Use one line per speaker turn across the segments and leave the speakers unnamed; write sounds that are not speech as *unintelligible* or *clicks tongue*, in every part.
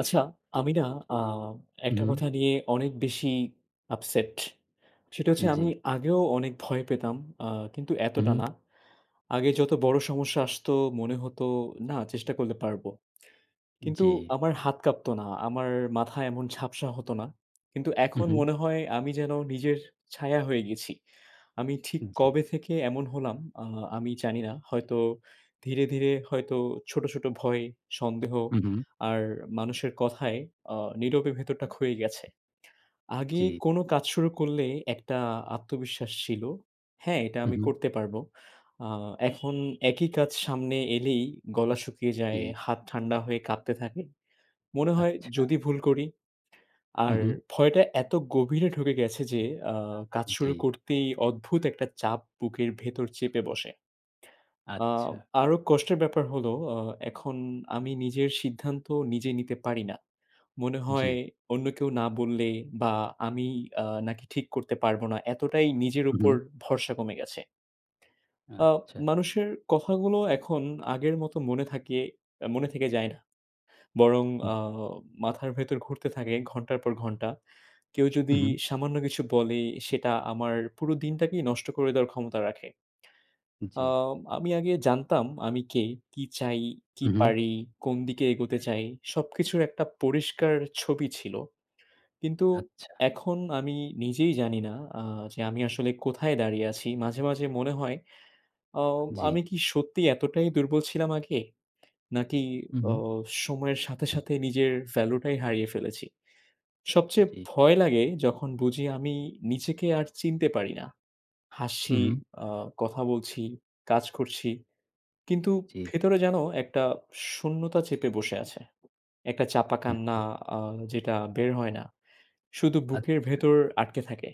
আচ্ছা, আমি না আ
হুম,
একটা
হুম।
কথা নিয়ে অনেক বেশি upset। সেটা হচ্ছে আমি
জি।
আগেও অনেক ভয় পেতাম, আ কিন্তু
হুম,
এতটা
হুম।
না। আগে যত বড় সমস্যা আসতো মনে হতো, না চেষ্টা করলে পারবো। কিন্তু
জি।
আমার হাত কাঁপতো না, আমার মাথা এমন ঝাপসা হতো না। কিন্তু
হুম,
এখন
হুম।
মনে হয় আমি যেন নিজের ছায়া হয়ে গেছি। আমি ঠিক
জি।
কবে থেকে এমন হলাম আ আমি জানিনা। হয়তো ধীরে, ধীরে হয়তো ছোট, ছোট ভয়, সন্দেহ
হুম, হুম।
আর মানুষের কথায় আ নীরবে ভেতরটা ক্ষয়ে গেছে। আগে
জি।
কোনো কাজ শুরু করলে একটা আত্মবিশ্বাস ছিল, হ্যাঁ এটা
হুম,
আমি
হুম।
করতে পারবো। আ এখন একই কাজ সামনে এলেই গলা শুকিয়ে যায়,
জি।
হাত ঠান্ডা হয়ে কাঁপতে থাকে। মনে হয়
আচ্ছা।
যদি ভুল করি আর
হুম, হুম।
ভয়টা এত গভীরে ঢুকে গেছে যে আ কাজ শুরু
জি।
করতেই অদ্ভুত একটা চাপ বুকের ভেতর চেপে বসে আ
আচ্ছা।
আরো কষ্টের ব্যাপার হলো আ এখন আমি নিজের সিদ্ধান্ত নিজে নিতে পারি না। মনে হয়
জি।
অন্য কেউ না বললে বা আমি আ নাকি ঠিক করতে পারবো না, এতটাই নিজের
হুম,
উপর
হুম।
ভরসা কমে গেছে আ
আচ্ছা।
মানুষের কথাগুলো এখন আগের মতো মনে থাকে, এ মনে থেকে যায় না বরং
হু।
আ মাথার ভেতর ঘুরতে থাকে ঘণ্টার পর ঘণ্টা। কেউ যদি
হুম, হুম।
সামান্য কিছু বলে সেটা আমার পুরো দিনটাকেই নষ্ট করে দেওয়ার ক্ষমতা রাখে আ
জি।
আমি আগে জানতাম আমি কে, কি চাই, কি
হুম, হুম।
পারি, কোন দিকে এগোতে চাই সবকিছুর একটা পরিষ্কার ছবি ছিল। কিন্তু
আচ্ছা।
এখন আমি নিজেই জানিনা আ যে আমি আসলে কোথায় দাঁড়িয়ে আছি? মাঝে, মাঝে মনে হয় আ
জি।
আমি কি সত্যিই এতটাই দুর্বল ছিলাম আগে? নাকি
হুম,
ও
হুম।
সময়ের সাথে, সাথে নিজের value টাই হারিয়ে ফেলেছি? সবচেয়ে
জি।
ভয় লাগে যখন বুঝি আমি নিজেকে আর চিনতে পারি না। হাসি,
হুম, হুম।
আ কথা বলছি, কাজ করছি কিন্তু
জি।
ভেতরে যেন একটা শূন্যতা চেপে বসে আছে। একটা চাপা
হুম,
কান্না
হুম।
আ যেটা বের হয় না, শুধু বুকের
আচ্ছা।
ভেতর আটকে থাকে।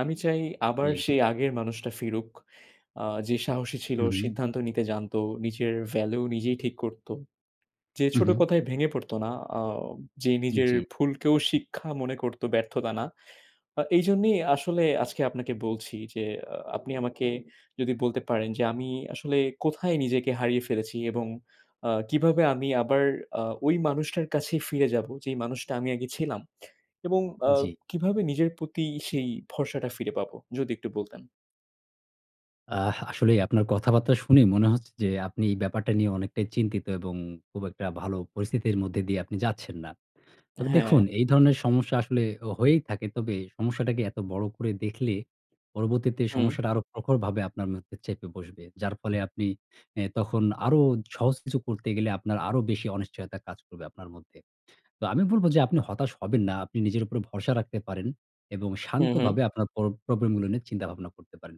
আমি চাই আবার
জি।
সেই আগের মানুষটা ফিরুক আ যে সাহসী ছিল,
হুম, হুম।
সিদ্ধান্ত নিতে জানতো, নিজের value নিজেই ঠিক করতো। যে
হুম,
ছোট
হুম।
কথায় ভেঙে পড়তো না, আ যে নিজের
জি।
ভুলকেও শিক্ষা মনে করতো ব্যর্থতা না। আ এইজন্যই আসলে আজকে আপনাকে বলছি যে আ আপনি আমাকে যদি বলতে পারেন যে আমি আসলে কোথায় নিজেকে হারিয়ে ফেলেছি এবং আ কিভাবে আমি আবার আ ওই মানুষটার কাছে ফিরে যাবো যেই মানুষটা আমি আগে ছিলাম? এবং আ
জি।
কিভাবে নিজের প্রতি সেই ভরসাটা ফিরে পাবো? যদি একটু বলতেন।
অ্যাহ আসলেই আপনার কথাবার্তা শুনে মনে হচ্ছে যে, আপনি এই ব্যাপারটা নিয়ে অনেকটাই চিন্তিত এবং খুব একটা ভালো পরিস্থিতির মধ্যে দিয়ে আপনি যাচ্ছেন না। তবে
হ্যাঁ।
দেখুন, এই ধরনের সমস্যা আসলে অ হয়েই থাকে। তবে সমস্যাটাকে এত বড় করে দেখলে, পরবর্তীতে
হুম।
সমস্যাটা আরও প্রখরভাবে আপনার মধ্যে চেপে বসবে। যার ফলে আপনি, এ্যা তখন আরও সহজ কিছু করতে গেলে আপনার আরও বেশি অনিশ্চয়তা কাজ করবে আপনার মধ্যে। তো আমি বলব যে, আপনি হতাশ হবেন না। আপনি নিজের উপর ভরসা রাখতে পারেন। এবং
হু, হু।
শান্তভাবে আপনার প্র প্রবলেমগুলো নিয়ে চিন্তাভাবনা করতে পারেন।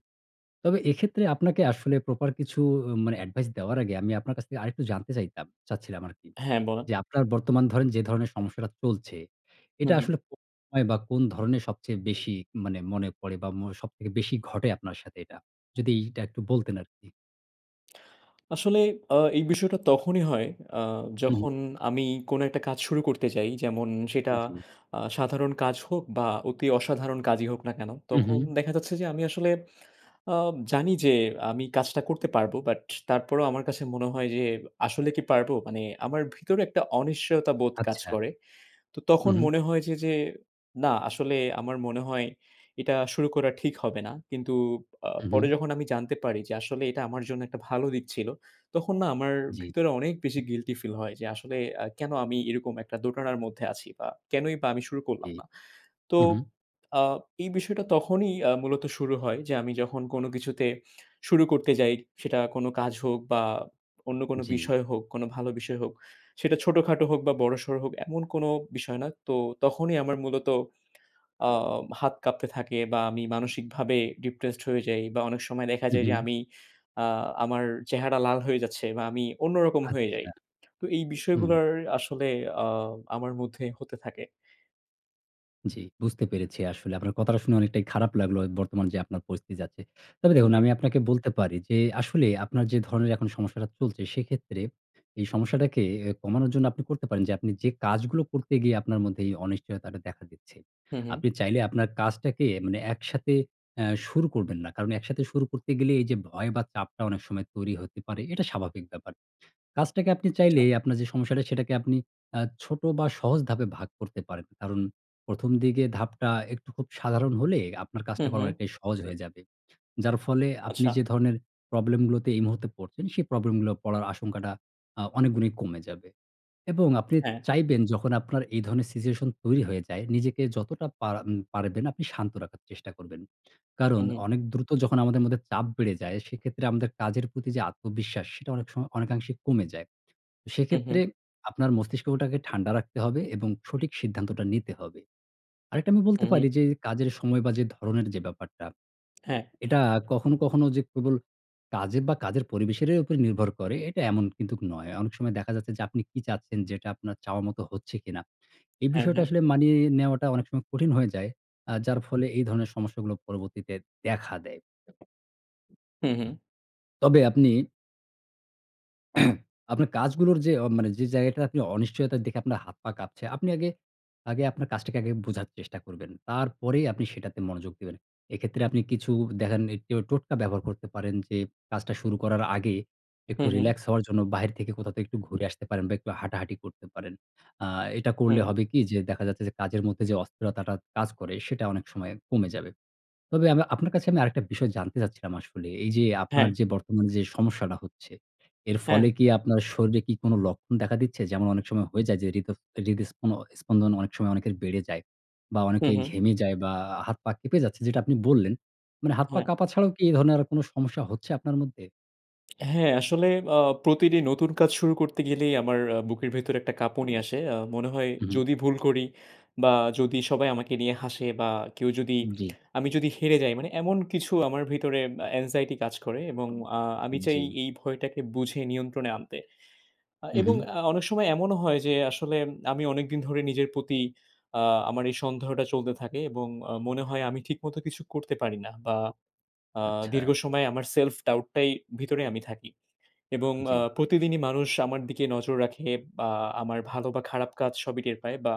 তবে এক্ষেত্রে আপনাকে আসলে প্রপার কিছু অ মানে advice দেওয়ার আগে আমি আপনার কাছ থেকে আরেকটু জানতে চাইতাম, চাচ্ছিলাম আরকি।
হ্যাঁ বলেন।
যে আপনার বর্তমান ধরেন যে ধরনের সমস্যাটা চলছে।
হুম,
এটা
হুম।
আসলে কো অয় বা কোন ধরনের সবচেয়ে বেশি, মানে মনে পড়ে বা মো সব থেকে বেশি ঘটে আপনার সাথে এটা? যদি এটা একটু বলতেন আরকি?
আসলে এ্যা এই *clicks tongue* বিষয়টা তখনই হয়, আ
উ হুম।
যখন আমি কোন একটা কাজ শুরু করতে যাই। যেমন সেটা
জি।
আ সাধারণ কাজ হোক বা অতি অসাধারণ কাজই হোক না কেন।
উ
তখন
হু।
দেখা যাচ্ছে যে আমি আসলে আ জানি যে, আমি কাজটা করতে পারবো। But তারপরও আমার কাছে মনে হয় যে আসলে কি পারবো? মানে আমার ভেতরে একটা অনিশ্চয়তা বোধ কাজ
আচ্ছা।
করে। তো
উ
তখন
হু।
মনে হয় যে, যে, না আসলে আমার মনে হয়, এটা শুরু করা ঠিক হবে না। কিন্তু আ
উ
পরে
হুম।
যখন আমি জানতে পারি যে আসলে এটা আমার জন্য একটা ভালো দিক ছিল, তখন না আমার
জি।
ভেতরে অনেক বেশি guilty feel হয়। যে আসলে আ কেন আমি এরকম একটা দোটানার মধ্যে আছি বা কেনই বা আমি শুরু করলাম
জি।
না। তো,
উ হু।
আ এই বিষয়টা তখনই আ মূলত শুরু হয় যে আমি যখন কোন কিছুতে, শুরু করতে যাই সেটা কোন কাজ হোক বা অন্য কোন
জি।
বিষয় হোক, কোন ভালো বিষয় হোক, সেটা ছোটখাটো হোক বা বড়সড় হোক এমন কোন বিষয় না। তো তখনই আমার মূলত আ হাত কাঁপতে থাকে বা আমি মানসিকভাবে depressed হয়ে যাই বা অনেক সময় দেখা
উ
যায় যে
হুম।
আমি, আ আমার চেহারা লাল হয়ে যাচ্ছে বা আমি অন্যরকম হয়ে যাই।
আচ্ছা।
তো এই
হুম।
বিষয়গুলার আসলে আ আমার মধ্যে হতে থাকে।
জি, বুঝতে পেরেছি। আসলে আপনার কথাটা শুনে অনেকটাই খারাপ লাগলো। এ বর্তমান যে আপনার পরিস্থিতি যাচ্ছে। তবে দেখুন, আমি
জি।
আপনাকে বলতে পারি যে, আসলে আপনার যে ধরনের এখন সমস্যাটা চলছে সেক্ষেত্রে, এই সমস্যাটাকে এ কমানোর জন্য আপনি করতে পারেন যে, আপনি যে কাজগুলো করতে গিয়ে আপনার মধ্যে এই অনিশ্চয়তাটা দেখা দিচ্ছে,
হুম, হুম।
আপনি চাইলে আপনার কাজটাকে মানে একসাথে এ্যা শুরু করবেন না। কারণ একসাথে শুরু করতে গেলে এই যে ভয় বা চাপটা অনেক সময় তৈরি হতে পারে। এটা স্বাভাবিক ব্যাপার। কাজটাকে আপনি চাইলে
আচ্ছা।
আপনার যে সমস্যাটা, সেটাকে আপনি আ ছোট বা সহজ ধাপে ভাগ করতে পারেন। কারণ ১ম দিকের ধাপটা একটু খুব সাধারণ হলে, আপনার কাজটা
হুম,
করা
হুম।
অনেকটাই সহজ হয়ে যাবে। যার ফলে আপনি
আচ্ছা।
যে ধরনের problem গুলোতে এই মুহূর্তে পড়ছেন সেই problem গুলো পড়ার আশঙ্কাটা আ অনেক গুণই কমে যাবে। এবং আপনি
হ্যাঁ।
চাইবেন যখন আপনার এই ধরনের situation তৈরি হয়ে যায়, নিজেকে যতটা পারা, আম পারবেন আপনি শান্ত রাখার চেষ্টা করবেন।
উ,
কারণ
হু।
অনেক দ্রুত যখন আমাদের মধ্যে চাপ বেড়ে যায় সেক্ষেত্রে আমাদের কাজের প্রতি যে আত্মবিশ্বাস, সেটা অনেক সময় অনেকাংশে কমে যায়।
হু,
সেক্ষেত্রে
হু।
আপনার মস্তিষ্কটাকে ঠান্ডা রাখতে হবে এবং সঠিক সিদ্ধান্তটা নিতে হবে। আরেকটা আমি বলতে
হু,
পারি
হু।
যে, কাজের সময় বা যে ধরনের যে ব্যাপারটা
হ্যাঁ।
এটা কখনো, কখনো যে কেবল কাজে বা কাজের পরিবেশের এ উপর নির্ভর করে এটা এমন কিন্তুক নয়। অনেক সময় দেখা যাচ্ছে যে, আপনি কি চাচ্ছেন? যেটা আপনার চাওয়া মতো হচ্ছে কিনা? এই
হ্যাঁ,
বিষয়টা
হ্যাঁ।
আসলে মানিয়ে নেওয়াটা অনেক সময় কঠিন হয়ে যায়। আ যার ফলে এই ধরনের সমস্যাগুলো পরবর্তীতে দেখা দেয়।
হু, হু।
তবে আপনি *clears throat* আপনার কাজগুলোর যে অ মানে যে জায়গাটায় আপনি অনিশ্চয়তা দেখে আপনার হাত-পা কাঁপছে, আপনি আগে, আগে আপনার কাজটাকে আগে বোঝার চেষ্টা করবেন, তারপরেই আপনি সেটাতে মনোযোগ দিবেন। এক্ষেত্রে আপনি কিছু দেখেন এ ট টোটকা ব্যবহার করতে পারেন যে, কাজটা শুরু করার আগে একটু
হুম, হুম।
রিলাক্স হওয়ার জন্য বাহির থেকে কোথাও থেকে একটু ঘুরে আসতে পারেন বা একটু হাঁটাহাঁটি করতে পারেন। আ এটা করলে
হুম।
হবে কি যে, দেখা যাচ্ছে যে কাজের মধ্যে যে অস্থিরতাটা কাজ করে, সেটা অনেক সময় কমে যাবে। তবে আব আপনার কাছে আমি আরেকটা বিষয় জানতে চাচ্ছিলাম আসলে এই যে আপনার
হ্যাঁ।
যে বর্তমানে যে সমস্যাটা হচ্ছে, এর ফলে
হ্যাঁ।
কি আপনার শরীরে কি কোনো লক্ষণ দেখা দিচ্ছে? যেমন অনেক সময় হয়ে যায় যে হৃদ হৃদস্পনো স্পন্দন অনেক সময় অনেকের বেড়ে যায় বা
হুম,
অনেকেই
হু।
ঘেমে যায় বা আ হাত-পা কেঁপে যাচ্ছে যেটা আপনি বললেন। মানে হাত-পা
হ্যাঁ।
কাঁপা ছাড়াও কি এই ধরনের আরো কোনো সমস্যা হচ্ছে আপনার মধ্যে?
হ্যাঁ, আসলে আ প্রতিটি নতুন কাজ শুরু করতে গেলেই আমার আ বুকের ভেতরে একটা কাঁপুনি আসে। আ মনে হয়,
হুম, হু।
যদি ভুল করি বা যদি সবাই আমাকে নিয়ে হাসে বা কেউ যদি
জি।
*smacks lips* আমি যদি হেরে যাই, মানে এমন কিছু আমার ভেতরে অ্যাংজাইটি কাজ করে এবং আ আমি চাই
জি।
এই ভয়টাকে বুঝে নিয়ন্ত্রণে আনতে। আ
হুম, হু।
এবং আ অনেক সময় এমনও হয় যে, আসলে আমি অনেকদিন ধরে নিজের প্রতি আ আমার এই সন্দেহটা চলতে থাকে এবং আ মনে হয় আমি ঠিকমতো কিছু করতে পারি না বা আ
আচ্ছা।
দীর্ঘ সময় আমার self doubt টাই ভেতরে আমি থাকি। এবং আ
জি।
প্রতিদিনই মানুষ আমার দিকে নজর রাখে বা আমার ভালো বা খারাপ কাজ সবই টের পায় বা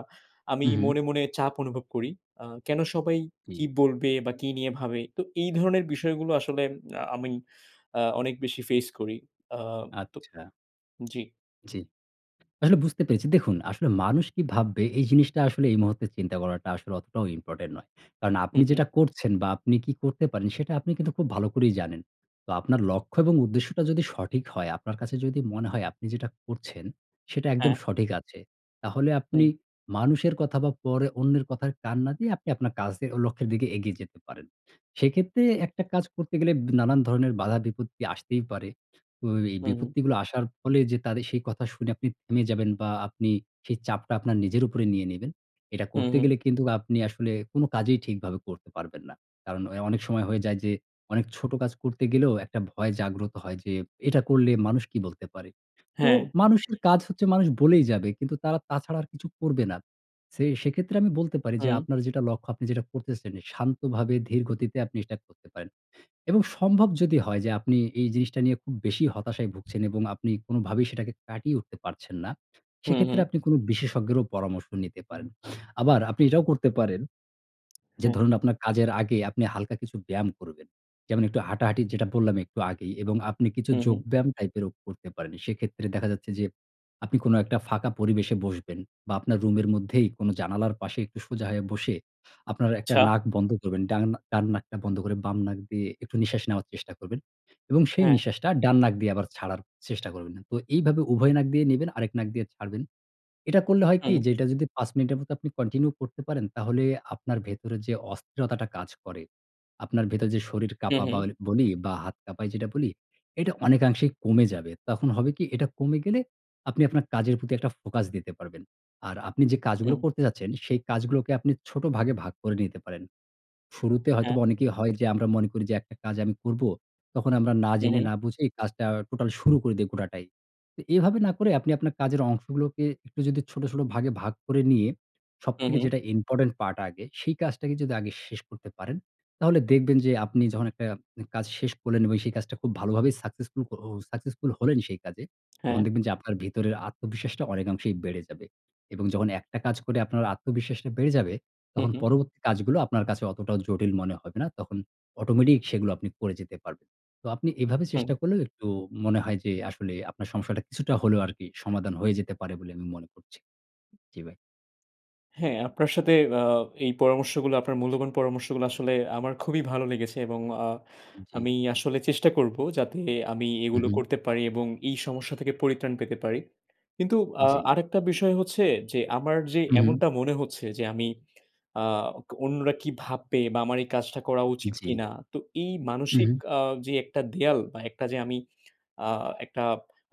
আমি
হুম, হুম।
মনে, মনে চাপ অনুভব করি। আ কেনো সবাই
জি।
কি বলবে বা কি নিয়ে ভাবে। তো এই ধরনের বিষয়গুলো আসলে আ আমি আ অনেক বেশি face করি। আ তো
আচ্ছা।
জি।
জি। আসলে বুঝতে পেরেছি। দেখুন, আসলে মানুষ কি ভাববে, এই জিনিসটা আসলে এই মুহূর্তে চিন্তা করাটা আসলে অতটাও important নয়। কারণ
হু,
আপনি
হু।
যেটা করছেন বা আপনি কি করতে পারেন, সেটা আপনি কিন্তু খুব ভালো করেই জানেন। তো আপনার লক্ষ্য এবং উদ্দেশ্যটা যদি সঠিক হয়, আপনার কাছে যদি মনে হয় আপনি যেটা করছেন, সেটা একদম
হ্যাঁ।
সঠিক আছে, তাহলে
হু।
আপনি মানুষের কথা বা পরে অন্যের কথায় কান না দিয়ে আপনি আপনার কাজে ও লক্ষ্যের দিকে এগিয়ে যেতে পারেন। সেক্ষেত্রে একটা কাজ করতে গেলে নানান ধরনের বাধা বিপত্তি আসতেই পারে। তো এই
উঁ হু।
বিপত্তিগুলো আসার ফলে যে, তাদের সেই কথা শুনে আপনি থেমে যাবেন বা আপনি সেই চাপটা আপনার নিজের উপরে নিয়ে নিবেন, এটা
হু,
করতে
হু।
গেলে কিন্তু আপনি আসলে কোনো কাজেই ঠিকভাবে করতে পারবেন না। কারণ অ্যাঁ অনেক সময় হয়ে যায় যে, অনেক ছোট কাজ করতে গেলেও একটা ভয় জাগ্রত হয় যে, এটা করলে মানুষ কি বলতে পারে। তো
হ্যাঁ।
মানুষের কাজ হচ্ছে, মানুষ বলেই যাবে। কিন্তু তারা তাছাড়া আর কিছু করবে না। ছে সেক্ষেত্রে আমি বলতে পারি যে,
হু।
আপনার যেটা লক্ষ্য, আপনি যেটা করতেছেন, শান্তভাবে, ধীর গতিতে আপনি সেটা করতে পারেন। এবং সম্ভব যদি হয় যে, আপনি এই জিনিসটা নিয়ে খুব বেশি হতাশায় ভুগছেন এবং আপনি কোনোভাবেই সেটাকে কাটিয়ে উঠতে পারছেন না,
হু,
সেক্ষেত্রে
হু।
আপনি কোনো বিশেষজ্ঞেরও পরামর্শ নিতে পারেন। আবার আপনি এটাও করতে পারেন যে,
হ্যাঁ।
ধরুন, আপনার কাজের আগে আপনি হালকা কিছু ব্যায়াম করবেন। যেমন, একটু হাঁটাহাঁটি, যেটা বললাম একটু আগেই। এবং আপনি কিছু
হু, হু।
যোগব্যায়াম টাইপেরও করতে পারেন। সেক্ষেত্রে দেখা যাচ্ছে যে, আপনি কোনো একটা ফাঁকা পরিবেশে বসবেন বা আপনার রুমের মধ্যেই কোনো জানালার পাশে একটু সোজা হয়ে বসে আপনার একটা
আচ্ছা।
নাক বন্ধ করবেন। ডান ডান নাকটা বন্ধ করে বাম নাক দিয়ে একটু নিঃশ্বাস নেওয়ার চেষ্টা করবেন এবং সেই
হ্যাঁ।
নিঃশ্বাসটা ডান নাক দিয়ে আবার ছাড়ার চেষ্টা করবেন। তো এইভাবে উভয় নাক দিয়ে নেবেন, আরেক নাক দিয়ে ছাড়বেন। এটা করলে হয় কি,
হুম।
যে এটা যদি ৫ মিনিটের মতো আপনি continue করতে পারেন, তাহলে আপনার ভেতরে যে অস্থিরতাটা কাজ করে, আপনার ভেতর যে শরীর
হুম,
কাঁপা
হু।
বা ওই বলি বা হাত কাঁপায়, যেটা বলি, এটা অনেকাংশেই কমে যাবে। তখন হবে কি, এটা কমে গেলে আপনি আপনার কাজের প্রতি একটা focus দিতে পারবেন। আর আপনি যে কাজগুলো
উহ
করতে যাচ্ছেন, সেই কাজগুলোকে আপনি ছোট ভাগে ভাগ করে নিতে পারেন। শুরুতে
হ্যাঁ।
হয়তোবা অনেকেরই হয় যে, আমরা মনে করি যে একটা কাজ আমি করব। তখন আমরা না
হু,
জেনে,
হু।
না বুঝেই কাজটা total শুরু করে দেই, গোটাটাই। এভাবে না করে, আপনি আপনার কাজের অংশগুলোকে একটু যদি ছোট, ছোট ভাগে ভাগ করে নিয়ে
হু,
সবথেকে
হু।
যেটা important part আগে, সেই কাজটাকে যদি আগে শেষ করতে পারেন, তাহলে দেখবেন যে, আপনি যখন একটা কাজ শেষ করলেন এবং সেই কাজটা খুব ভালোভাবে successful ও successful হলেন সেই কাজে,
হ্যাঁ।
তখন দেখবেন যে আপনার ভেতরের আত্মবিশ্বাসটা অনেকাংশেই বেড়ে যাবে। এবং যখন একটা কাজ করে আপনার আত্মবিশ্বাসটা বেড়ে যাবে,
হু,
তখন
হু।
পরবর্তী কাজগুলো আপনার কাছে অতটা জটিল মনে হবে না। তখন automatic সেগুলো আপনি করে যেতে পারবেন। তো আপনি এভাবে
হু।
চেষ্টা করলে, একটু মনে হয় যে, আসলে আপনার সমস্যাটা কিছুটা হলেও আরকি সমাধান হয়ে যেতে পারে বলে আমি মনে করছি। জি, ভাই।
হ্যাঁ। আপনার সাথে আ এই পরামর্শগুলো, আপনার মূল্যবান পরামর্শগুলো, আসলে আমার খুবই ভালো লেগেছে এবং আ
জি।
আমি আসলে চেষ্টা করব যাতে আমি
উঁ
এগুলো
হু।
করতে পারি এবং এই সমস্যা থেকে পরিত্রাণ পেতে পারি। কিন্তু আ
জি।
আরেকটা বিষয় হচ্ছে যে, আমার যে
উঁ হু।
এমনটা মনে হচ্ছে যে, আমি আ অন্যরা কি ভাববে বা আমার এই কাজটা করা উচিত
জি।
কিনা। তো এই
উঁ
মানসিক
হু।
আ যে একটা দেয়াল বা একটা যে আমি একটা আ একটা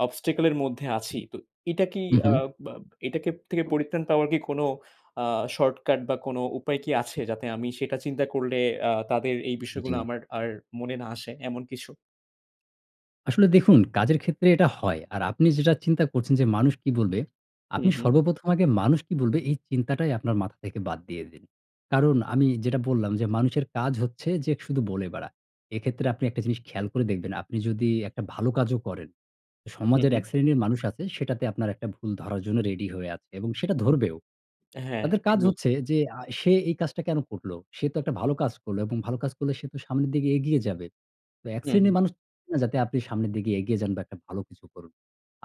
obstacle -এর মধ্যে আছি, তো এটা কি
উঁ
আ
হু।
বা এটা থেকে পরিত্রাণ পাওয়ার কি কোনো আ shortcut বা কোনো উপায় কি আছে, যাতে আমি সেটা চিন্তা করলে আ তাদের এই বিষয়গুলো
জি।
আমার আর মনে না আসে, এমন কিছু?
আসলে দেখুন, কাজের ক্ষেত্রে এটা হয়। আর আপনি যেটা চিন্তা করছেন যে, মানুষ কী বলবে, আপনি
হুম, হু।
সর্বপ্রথম আগে মানুষ কী বলবে, এই চিন্তাটাই আপনার মাথা থেকে বাদ দিয়ে দিন। কারণ আমি যেটা বললাম যে মানুষের কাজ হচ্ছে যে শুধু বলে বেড়ায়। এক্ষেত্রে আপনি একটা জিনিস খেয়াল করে দেখবেন, আপনি যদি একটা ভালো কাজও করেন,
হুম,
সমাজের
হু।
এক শ্রেণীর মানুষ আছে সেটাতে আপনার একটা ভুল ধরার জন্য রেডি হয়ে আছে এবং সেটা ধরবেও।
হ্যাঁ,
তাদের
ঠিক
কাজ
বলে
হচ্ছে যে আ সে এই কাজটা কেন করল? সে তো একটা ভালো কাজ করল এবং ভালো কাজ করলে সে তো সামনের দিকে এগিয়ে যাবে। তো এক
হু, হু।
শ্রেণীর মানুষ *unintelligible* না যাতে আপনি সামনের দিকে এগিয়ে যান বা একটা ভালো কিছু করুন।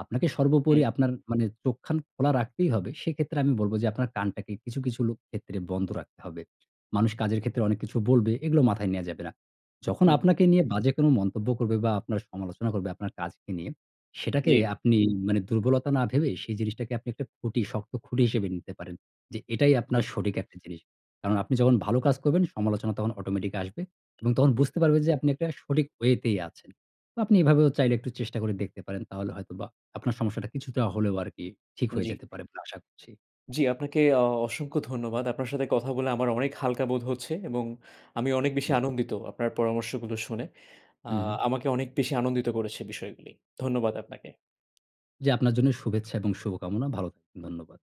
আপনাকে সর্বোপরি
হুম।
আপনার মানে চোখ খান খোলা রাখতেই হবে। সেক্ষেত্রে আমি বলব যে, আপনার কানটাকে কিছু, কিছু লোক ক্ষেত্রে বন্ধ রাখতে হবে। মানুষ কাজের ক্ষেত্রে অনেক কিছু বলবে, এগুলো মাথায় নেয়া যাবে না। যখন
হুম।
আপনাকে নিয়ে বাজে কোনো মন্তব্য করবে বা আপনার সমালোচনা করবে আপনার কাজকে নিয়ে, সেটাকে
জি।
আপনি মানে দুর্বলতা না ভেবে সেই জিনিসটাকে আপনি একটা খুঁটি, শক্ত খুঁটি হিসেবে নিতে পারেন যে, এটাই আপনার
জি।
সঠিক একটি জিনিস। কারণ আপনি যখন ভালো কাজ করবেন, সমালোচনা তখন অটোমেটিক আসবে এবং তখন
জি।
বুঝতে পারবেন যে আপনি একটা সঠিক ওয়েতেই আছেন। বা আপনি এভাবেও চাইলে একটু চেষ্টা করে দেখতে পারেন। তাহলে হয়তোবা আপনার সমস্যাটা কিছুটা হলেও আরকি ঠিক হয়ে
জি।
যেতে পারে বলে আশা করছি।
জি, আপনাকে অ অসংখ্য ধন্যবাদ। আপনার সাথে কথা বলে আমার অনেক হালকা বোধ হচ্ছে এবং আমি অনেক বেশি
জি।
আনন্দিত আপনার পরামর্শগুলো শুনে। আ
উম হু।
আমাকে অনেক বেশি আনন্দিত করেছে বিষয়গুলি। ধন্যবাদ আপনাকে।
জি। আপনার জন্য শুভেচ্ছা এবং শুভকামনা। ভালো থাকুন। ধন্যবাদ।